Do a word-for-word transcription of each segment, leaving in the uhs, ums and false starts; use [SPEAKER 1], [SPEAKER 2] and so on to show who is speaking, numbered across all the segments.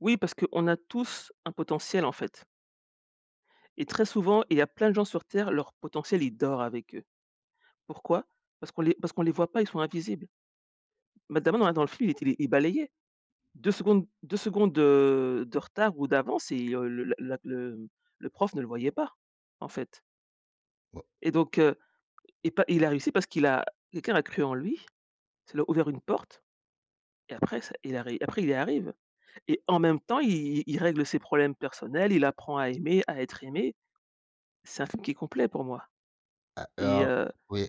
[SPEAKER 1] Oui, parce qu'on a tous un potentiel, en fait et très souvent, il y a plein de gens sur Terre, leur potentiel, il dort avec eux. Pourquoi? Parce qu'on les parce qu'on les voit pas. Ils sont invisibles mais d'abord, là, dans le film, il était il balayait. deux secondes, deux secondes de de retard ou d'avance et le le la le, mmh, le prof ne le voyait pas, en fait
[SPEAKER 2] Ouah.
[SPEAKER 1] et donc, heu, il pa il a réussi parce qu'il a quelqu'un l'a cru en lui. Ça lui a ouvert une porte et après c il est après, il y arrive et en même temps, i i il règle ses problèmes personnels, il apprend à aimer, à être aimé. C'est un film qui est complet pour moi
[SPEAKER 2] A
[SPEAKER 1] et
[SPEAKER 2] alors,
[SPEAKER 1] heu
[SPEAKER 2] oui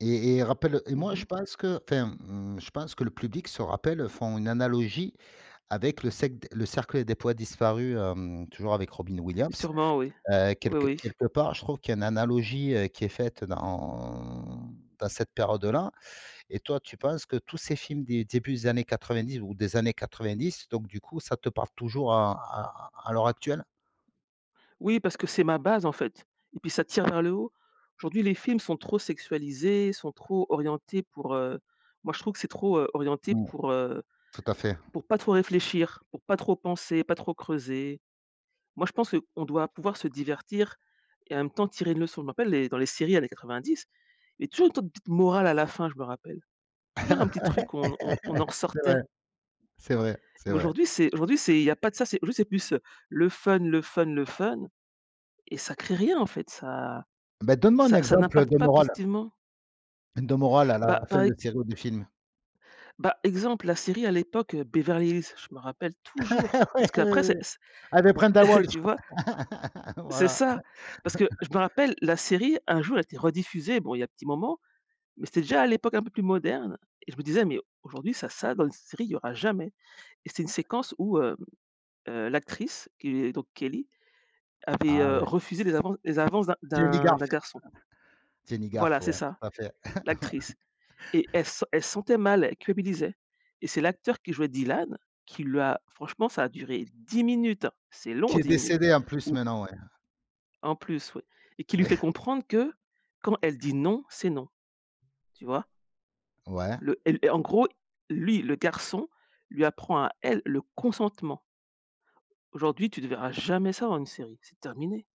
[SPEAKER 2] et et et rappelles, heu et
[SPEAKER 1] Mmh
[SPEAKER 2] moi, je
[SPEAKER 1] mh.
[SPEAKER 2] pense qu'enfin, mmh, je pense que le public se rappelle font une analogie avec le cèqu Le Cercle des Poètes Disparus, hem, toujours avec Robin Williams,
[SPEAKER 1] Sûrement, oui.
[SPEAKER 2] heu,
[SPEAKER 1] Oui,
[SPEAKER 2] quelque
[SPEAKER 1] oui.
[SPEAKER 2] quelque part, je trouve qu'il y a une analogie, heu, qui est faite dans en dans cette période-là et toi, tu penses que tous ces films des débuts des années quatre-vingt-dix ou des années quatre-vingt-dix donc du coup, ça te parle toujours à à à l'heure actuelle?
[SPEAKER 1] Oui, parce que c'est ma base, en fait et puis ça tire vers le haut. Aujourd'hui, les films sont trop sexualisés, sont trop orientés pour, heu moi, je trouve que c'est trop, heu, orienté
[SPEAKER 2] Mmh.
[SPEAKER 1] pour, heu,
[SPEAKER 2] Tout à fait.
[SPEAKER 1] pour pas trop réfléchir, pour pas trop penser, pas trop creuser. Moi, je pense, heu, on doit pouvoir se divertir et en même temps, tirer une leçon. Je m'en rappelle les dans les séries années quatre-vingt-dix, il y avait toujours une sorte de petite morale à la fin, je me rappelle. Toujours un petit truc où on on on en
[SPEAKER 2] C'est vrai,
[SPEAKER 1] ressortait.
[SPEAKER 2] c'est vrai, c'est vrai.
[SPEAKER 1] Aujourd'hui, c'est aujourd'hui, c'est il y a pas de ça, c'est juste, c'est plus, heu, le fun, le fun, le fun et ça créé rien, en fait. Ça
[SPEAKER 2] Bah, donne-moi un
[SPEAKER 1] ça ça
[SPEAKER 2] exemple
[SPEAKER 1] n'impacte
[SPEAKER 2] de
[SPEAKER 1] pas
[SPEAKER 2] morale
[SPEAKER 1] positivement.
[SPEAKER 2] de morale à
[SPEAKER 1] Bah,
[SPEAKER 2] la
[SPEAKER 1] par
[SPEAKER 2] fin de
[SPEAKER 1] ex
[SPEAKER 2] série ou de film.
[SPEAKER 1] bah, exemple, la série à l'époque, heu, Beverly Hills, je me rappelle toujours
[SPEAKER 2] Oui.
[SPEAKER 1] parce
[SPEAKER 2] Oui,
[SPEAKER 1] qu'après, c'est
[SPEAKER 2] oui,
[SPEAKER 1] c'est
[SPEAKER 2] avec Brenda Walsh.
[SPEAKER 1] tu vois? C'est
[SPEAKER 2] Voilà.
[SPEAKER 1] ça. Parce que je me rappelle, la série, un jour, a été rediffusée. Bon, il y a un petit moment mais c'était, déjà, à l'époque un peu plus moderne et je me disais: «Mais aujourd'hui, ça ça dans une série, il y aura jamais» et c'est une séquence où, heu heu, l'actrice qui est donc Kelly, avait,
[SPEAKER 2] Ah,
[SPEAKER 1] heu,
[SPEAKER 2] oui.
[SPEAKER 1] refusé les avances les avances d'un
[SPEAKER 2] Jenny
[SPEAKER 1] d'un d'un
[SPEAKER 2] Garth.
[SPEAKER 1] garçon.
[SPEAKER 2] Jenny
[SPEAKER 1] Voilà,
[SPEAKER 2] Garth.
[SPEAKER 1] c'est
[SPEAKER 2] Ouais,
[SPEAKER 1] ça,
[SPEAKER 2] tout à fait.
[SPEAKER 1] l'actrice et elle se sent elle se sentait mal, elle culpabilisait et c'est l'acteur qui jouait Dylan qui lui a franchement ça a duré dix minutes, c'est
[SPEAKER 2] Qui
[SPEAKER 1] long,
[SPEAKER 2] est
[SPEAKER 1] dix minutes,
[SPEAKER 2] décédé, en plus,
[SPEAKER 1] où
[SPEAKER 2] maintenant, ouais.
[SPEAKER 1] En plus, oui et qui lui
[SPEAKER 2] Oui.
[SPEAKER 1] fait comprendre que quand elle dit «non», c'est «non». Tu vois?
[SPEAKER 2] Ouais.
[SPEAKER 1] Le Elle et en gros, lui, le garçon lui apprend à elle, le consentement. Aujourd'hui, tu ne verras jamais ça dans une série, c'est terminé.